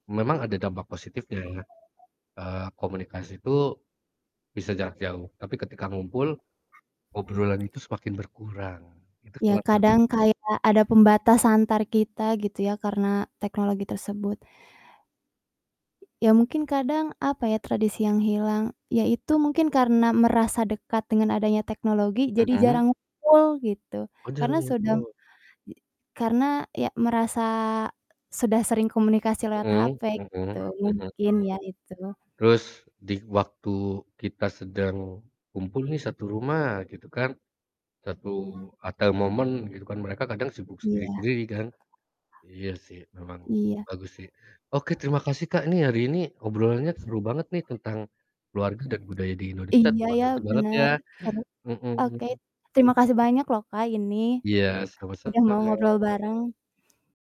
Memang ada dampak positifnya, eee, komunikasi itu bisa jarak jauh, tapi ketika ngumpul, obrolan itu semakin berkurang. Itu Iya, salah sat kadang kayak ada pembatas antar kita gitu ya, karena teknologi tersebut. Iya mungkin kadang apa ya, tradisi yang hilang, ya itu mungkin karena merasa dekat dengan adanya teknologi, jadi Mhm? jarang ngumpul, gitu. Oh Karena jarang sedang ngumpul? i karena ya merasa sudah sering komunikasi lewat Mhm, HP mhm, mhm itu, mhm, mungkin ya itu. terus di waktu kita sedang kumpul nih satu rumah gitu kan, satu "at the moment" gitu kan mereka kadang sibuk Iya. sendiri-sendiri kan. Iya sih, memang Iya. bagus sih. Oke terima kasih, Kak, ini hari ini obrolannya seru banget nih tentang keluarga dan budaya di Indonesia, Iya ya, terimakasih banget ya! bener, seru. Oke, Mhm. terima kasih banyak loh, Kak, ini, eee, Iya, udah mau sama-sama. ngobrol bareng.